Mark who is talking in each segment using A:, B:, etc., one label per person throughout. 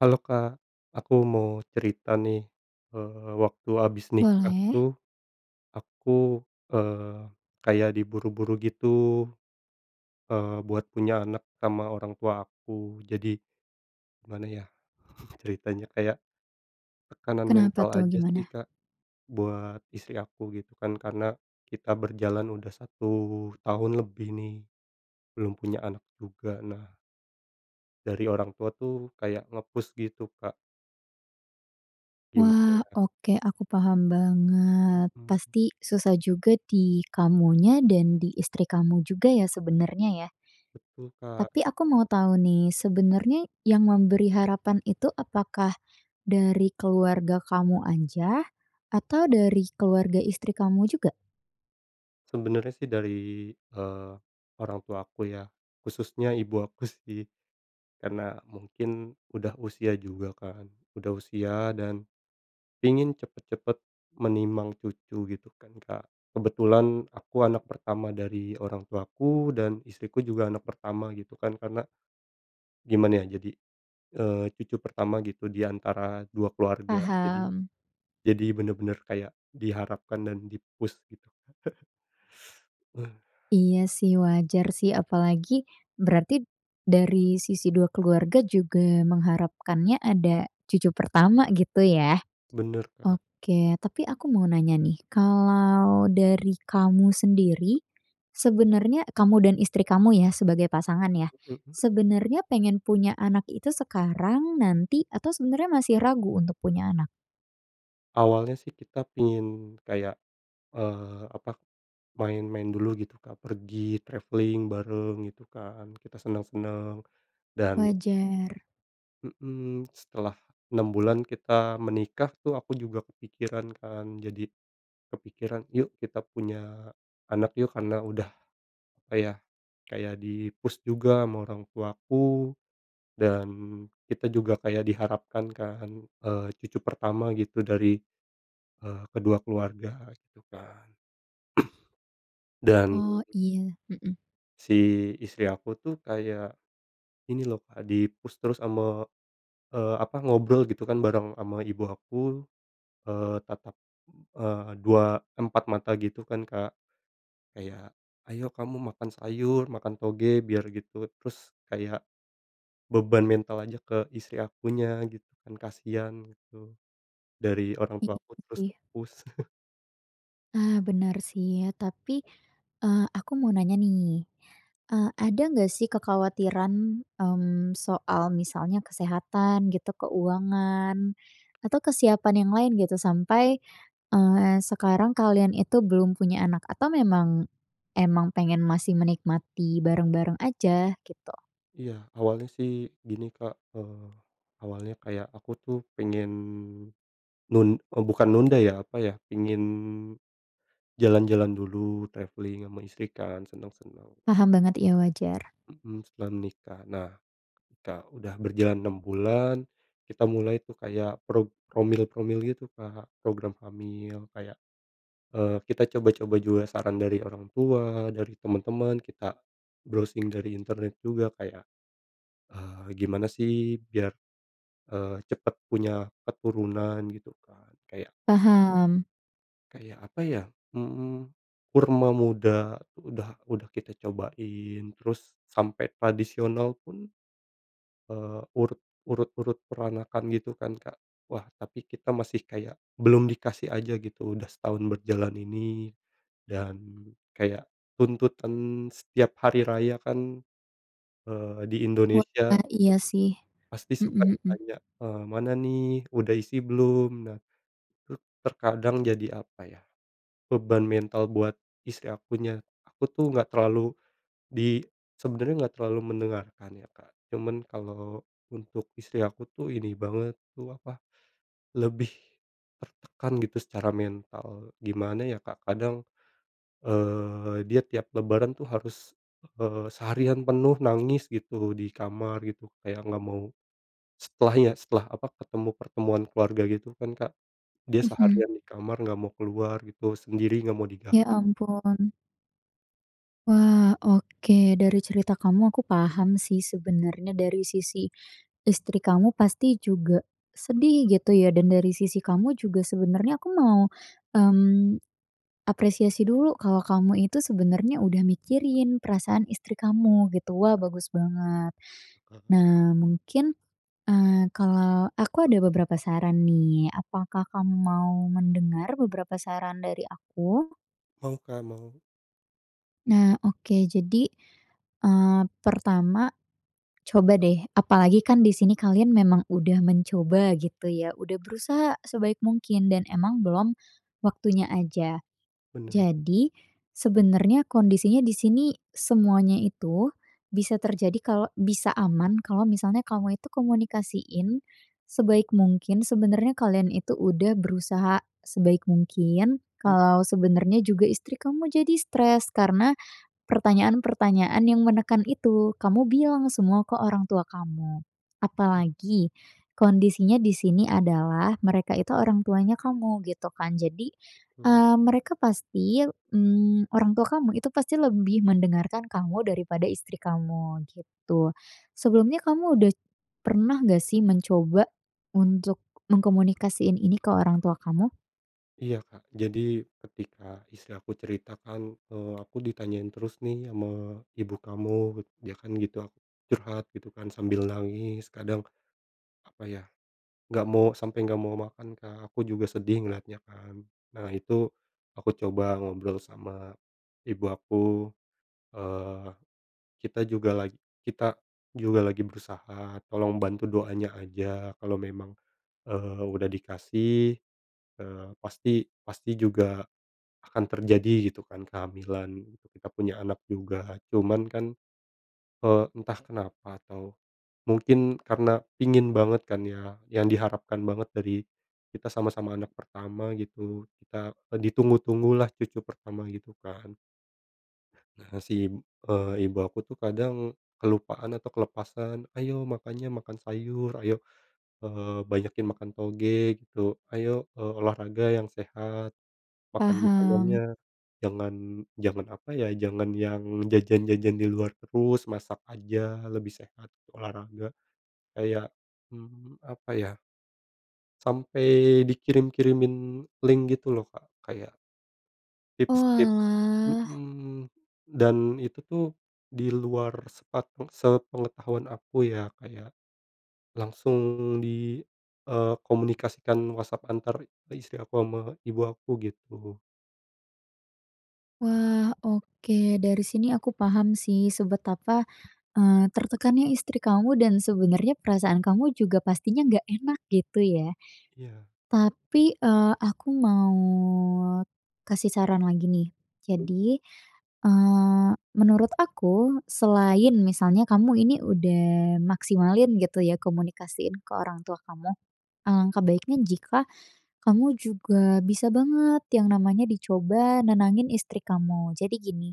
A: Halo, Kak, aku mau cerita nih. Eee, waktu abis nikah
B: Boleh.
A: tuh aku, eee, kaya diburu-buru gitu, eee, buat punya anak sama orang tua aku. Jadi gimana ya, ceritanya kayak tekanan
B: Kenapa
A: mental
B: tuh,
A: aja sih,
B: gimana?
A: Kak, buat istri aku gitu kan, karena kita berjalan udah 1 tahun lebih nih, belum punya anak juga. Nah dari orang tua tuh kayak nge-push gitu, Kak. Gimana
B: Wah,
A: ya?
B: oke aku paham banget,
A: Mhm.
B: pasti susah juga di kamunya dan di istri kamu juga ya, sebenarnya ya.
A: Betul, Kak.
B: Tapi aku mau tahu nih, sebenarnya yang memberi harapan itu, apakah dari keluarga kamu aja atau dari keluarga istri kamu juga?
A: Sebenernya sih dari, eee, orang tua aku ya, khususnya ibu aku sih. Karena mungkin udah usia juga kan. Udah usia dan ingin cepet-cepet menimang cucu gitu kan, Kak. Kebetulan aku anak pertama dari orang tuaku dan istriku juga anak pertama gitu kan, karena gimana ya, jadi, eee, cucu pertama gitu di antara 2 keluarga, jadi
B: Paham.
A: jadi bener-bener kayak diharapkan dan di-push gitu. Eh.
B: Iya sih, wajar sih, apalagi berarti dari sisi 2 keluarga juga mengharapkannya ada cucu pertama gitu ya.
A: Bener, Kak.
B: Oke, tapi aku mau nanya nih, kalau dari kamu sendiri, sebenarnya e kamu dan istri kamu ya, sebagai pasangan ya.
A: Mmm, mhm?
B: Sebenarnya pengen punya anak itu sekarang, nanti, atau sebenarnya masih ragu untuk punya anak?
A: Awalnya sih kita pingin kayak, eee, apa, main-main dulu gitu, Kak, pergi traveling bareng gitu kan, kita seneng-seneng, dan
B: Wajar.
A: mhm, setelah 6 bulan kita menikah tuh aku juga kepikiran kan. Jadi kepikiran, yuk kita punya anak yuk, karena udah kayak kayak di-push juga ama orang tuaku. Dan kita juga kayak diharapkan kan, eee, cucu pertama gitu dari, eee, kedua keluarga gitu kan. Dan
B: Oh iya, mhm.
A: si istri aku tuh kayak ini loh, Kak, di-push terus ama, eee, apa, ngobrol gitu kan bareng ama ibu aku. Eee, tatap, eee, dua empat mata gitu kan, Kak. Kayak, ayo kamu makan sayur, makan toge biar gitu, terus kayak beban mental aja ke istri akunya gitu kan, kasian gitu. Dari orang
B: Iya
A: tua aku terus
B: sih.
A: nge-push.
B: Ah benar sih ya, tapi, eee, aku mau nanya nih. Eee, ada nggak sih kekhawatiran, mmm, soal misalnya kesehatan gitu, keuangan atau kesiapan yang lain gitu, sampai, eee, sekarang kalian itu belum punya anak atau memang emang pengen masih menikmati bareng-bareng aja gitu?
A: Iya, awalnya sih gini Kak, eee, awalnya kayak aku tuh pingin nun e bukan nunda ya, apa ya, pingin jalan-jalan dulu traveling ama istri kan seneng-seneng,
B: Paham banget, iya wajar.
A: ta mhm, setelah nikah. Nah, Kak, udah berjalan 6 bulan, kita mulai tuh kayak prog promil promil gitu, Kak, program hamil. Kayak, eee, kita coba-coba juga saran dari orang tua, dari temen-temen, kita browsing dari internet juga kayak, eee, gimana sih biar, eee, cepet punya keturunan gitu, Kak, kayak
B: Paham.
A: kayak apa ya? Mmm, kurma muda udah udah kita cobain, terus sampai tradisional pun, eee, urut urut urut peranakan gitu kan, Kak. Wah, tapi kita masih kayak belum dikasih aja gitu udah setahun berjalan ini dan kayak tuntutan setiap hari raya kan, eee, di Indonesia
B: Wah, iya sih.
A: pasti
B: Mhm
A: suka
B: mhm.
A: ditanya, eee, "Mana nih, udah isi belum?" Nah, itu terkadang jadi apa ya, beban mental buat istri akunya, aku tuh enggak terlalu di sebenarnya enggak terlalu mendengarkan ya, Kak. Cuman kalau untuk istri aku tuh ini banget tuh apa, lebih tertekan gitu secara mental. Gimana ya, Kak, kadang, eee, dia tiap lebaran tuh harus, eee, seharian penuh nangis gitu, di kamar gitu, kayak enggak mau setelahnya, setelah apa, ketemu pertemuan keluarga gitu kan, Kak, dia
B: Mhm.
A: seharian di kamar enggak mau keluar gitu, sendiri enggak mau digang
B: Ya ampun. Wah, oke dari cerita kamu aku paham sih, sebenarnya dari sisi istri kamu pasti juga sedih gitu ya, dan dari sisi kamu juga sebenarnya aku mau, mmm, apresiasi dulu, kalau kamu itu sebenarnya udah mikirin perasaan istri kamu gitu, wah bagus banget.
A: Heeh.
B: Nah, mungkin, eee, kalau aku ada beberapa saran nih, apakah kamu mau mendengar beberapa saran dari aku?
A: Heeh, Kak, emang
B: Nah oke, jadi, eee, pertama coba deh, apalagi kan di sini kalian memang udah mencoba gitu ya, udah berusaha sebaik mungkin dan emang belum waktunya aja.
A: bener.
B: Jadi, sebenarnya kondisinya di sini semuanya itu bisa terjadi kalau bisa aman kalau misalnya kamu itu komunikasiin sebaik mungkin, sebenarnya kalian itu udah berusaha sebaik mungkin,
A: Mmm.
B: kalau sebenarnya juga istri kamu jadi stres, karena pertanyaan-pertanyaan yang menekan itu, kamu bilang semua ke orang tua kamu.
A: Mmm.
B: Apalagi kondisinya di sini adalah mereka itu orang tuanya kamu gitu kan, jadi,
A: Mhm.
B: mmm, mereka pasti, mmm, orang tua kamu itu pasti lebih mendengarkan kamu daripada istri kamu gitu. Sebelumnya kamu udah pernah enggak sih, mencoba untuk mengkomunikasiin ini ke orang tua kamu?
A: Iya, Kak, jadi ketika istri aku cerita kan, eee, "Aku ditanyain terus nih ama ibu kamu," dia kan gitu. Aku curhat gitu kan sambil nangis, kadang apa ya, nggak mau sampai nggak mau makan, Kak, aku juga sedih ngeliatnya kan. Nah itu aku coba ngobrol sama ibu aku, eee, kita juga lag kita juga lagi berusaha, tolong bantu doanya aja, kalau memang, eee, udah dikasih, eee, pasti pasti juga akan terjadi gitu kan kehamilan, kita punya anak juga. Cuman kan, eee, entah kenapa atau mungkin karena pingin banget kan ya, yang diharapkan banget dari kita sama-sama anak pertama gitu, kita e ditunggu-tunggulah cucu pertama gitu kan. Nah nah si, eee, ibu aku tuh kadang kelupaan atau kelepasan, ayo makanya makan sayur, ayo, eee, banyakin makan toge gitu. Ayo, eee, olahraga yang sehat, makan makanannya
B: Paham.
A: jangan jangan apa ya, jangan yang jajan-jajan di luar terus, masak aja lebih sehat, olahraga. Kayak, mmm, apa ya sampai dikirim-kirimin link gitu loh, Kak, kayak tips-tip
B: Oalah.
A: mhm, dan itu tuh di luar sepat e sepengetahuan aku ya, Kayak langsung di, eee, komunikasikan WhatsApp antar ke istri aku sama ibu aku gitu.
B: Wah, oke, dari sini aku paham sih sebetapa, eee, tertekannya istri kamu dan sebenarnya perasaan kamu juga pastinya nggak enak gitu ya.
A: Iya.
B: Tapi, eee, aku mau kasih saran lagi nih.
A: Mmm.
B: Jadi, eee, menurut aku selain misalnya kamu ini udah maksimalin gitu ya, komunikasiin ke orang tua kamu. Alangkah
A: Mhm.
B: baiknya jika kamu juga bisa banget yang namanya dicoba nenangin istri kamu. Jadi gini,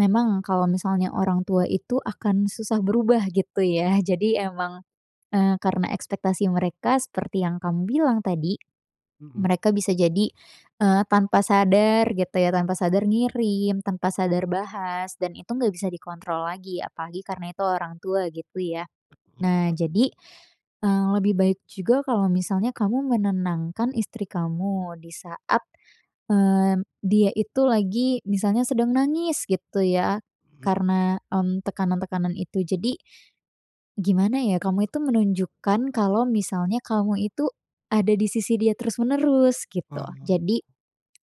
B: memang kalau misalnya orang tua itu akan susah berubah gitu ya, jadi emang, eee, karena ekspektasi mereka seperti yang kamu bilang tadi,
A: Mhm.
B: mereka bisa jadi, eee, tanpa sadar gitu ya, tanpa sadar ngirim, tanpa sadar bahas dan itu enggak bisa dikontrol lagi, apalagi karena itu orang tua gitu ya.
A: Setuju,
B: Nah
A: Kak.
B: jadi, eee, lebih baik juga kalau misalnya kamu menenangkan istri kamu di saat, mmm, dia itu lagi misalnya sedang nangis gitu ya,
A: Mhm.
B: karena m tekanan-tekanan itu, jadi gimana ya, kamu itu menunjukkan kalau misalnya kamu itu ada di sisi dia terus-menerus gitu,
A: Ah.
B: jadi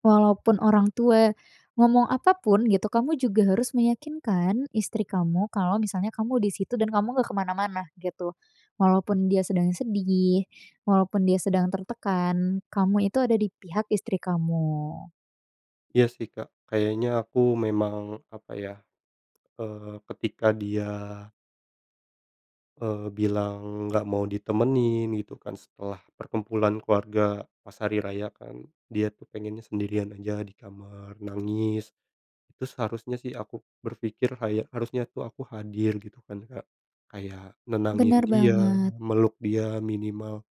B: walaupun orang tua ngomong apapun gitu, kamu juga harus meyakinkan istri kamu kalau misalnya kamu di situ dan kamu nggak ke mana-mana gitu. Walaupun dia
A: [unintelligible]
B: sedang sedih, walaupun dia sedang tertekan, kamu itu ada di pihak istri kamu.
A: Iya sih, Kak, kayaknya aku memang apa ya, eee, ketika dia eee, bilang nggak mau ditemenin gitu kan setelah perkumpulan keluarga pas hari raya kan, dia tuh pengennya sendirian aja di kamar nangis. Itu seharusnya sih aku berpikir kayak harusnya tuh aku hadir gitu kan, Kak. Kayak nenangin
B: Bener
A: dia,
B: banget.
A: meluk dia minimal,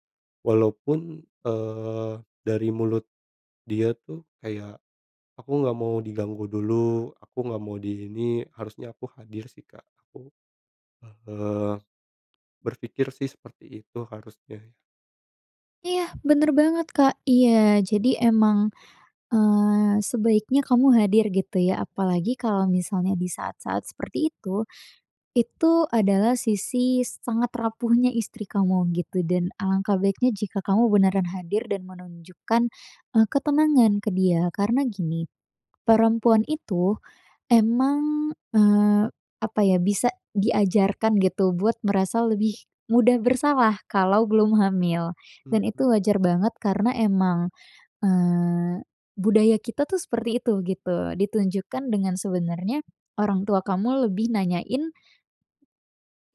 A: walaupun, eee, dari mulut dia tuh kayak, aku nggak mau diganggu dulu, aku nggak mau di ini, harusnya aku hadir sih, Kak, aku, eee, berpikir sih seperti itu harusnya ya.
B: Iya, bener banget, Kak. Iya jadi emang, eee, sebaiknya kamu hadir gitu ya, apalagi kalau misalnya di saat-saat seperti itu, itu adalah sisi sangat rapuhnya istri kamu gitu dan alangkah baiknya jika kamu beneran hadir dan menunjukkan e ketenangan ke dia, karena gini, perempuan itu emang, eee, apa ya, bisa diajarkan gitu buat merasa lebih mudah bersalah, kalau belum hamil dan itu
A: Mhm.
B: wajar banget, karena emang, eee, budaya kita tuh seperti itu gitu, ditunjukkan dengan sebenarnya orang tua kamu lebih nanyain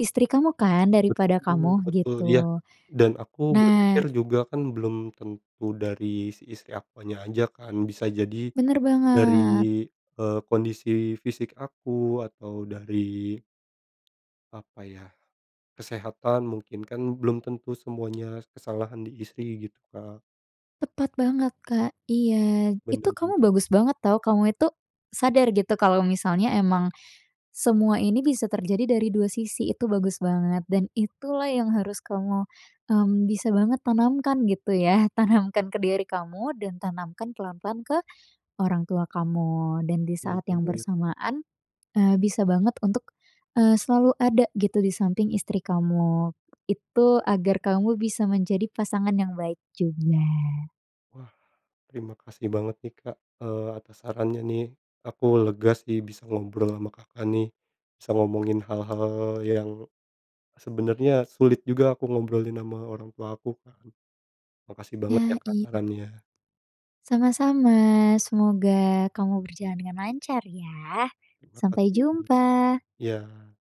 B: istri kamu kan, daripada
A: Betul
B: kamu
A: betul, iya.
B: gitu.
A: Dan aku berpikir
B: Nah
A: juga kan belum tentu dari si istri akunya aja kan, bisa jadi
B: bener
A: dari,
B: banget.
A: eee, kondisi fisik aku atau dari apa ya, kesehatan mungkin, kan belum tentu semuanya kesalahan di istri gitu, Kak.
B: Tepat banget, Kak, iya.
A: Bener
B: Itu
A: bener.
B: kamu bagus banget tahu, kamu itu sadar gitu kalau misalnya emang semua ini bisa terjadi dari dua sisi, itu bagus banget dan itulah yang harus kamu, mmm, bisa banget tanamkan gitu ya, tanamkan ke diri kamu dan tanamkan pelan-pelan ke orang tua kamu, dan di
A: Iya
B: saat yang
A: juga ya.
B: bersamaan, eee, bisa banget untuk, eee, selalu ada gitu di samping istri kamu. Itu agar kamu bisa menjadi pasangan yang baik juga.
A: Wah, terima kasih banget nih, Kak, eee, atas sarannya nih. Aku lega sih bisa ngobrol ama Kakak nih. Bisa ngomongin hal-hal yang sebenarnya sulit juga aku ngobrolin ama orang tua aku kan. Makasih banget ya,
B: Ya,
A: Kak,
B: iya.
A: sarannya.
B: Sama-sama, semoga kamu berjalan dengan lancar ya.
A: Terima
B: Sampai
A: kasih.
B: jumpa.
A: Iya.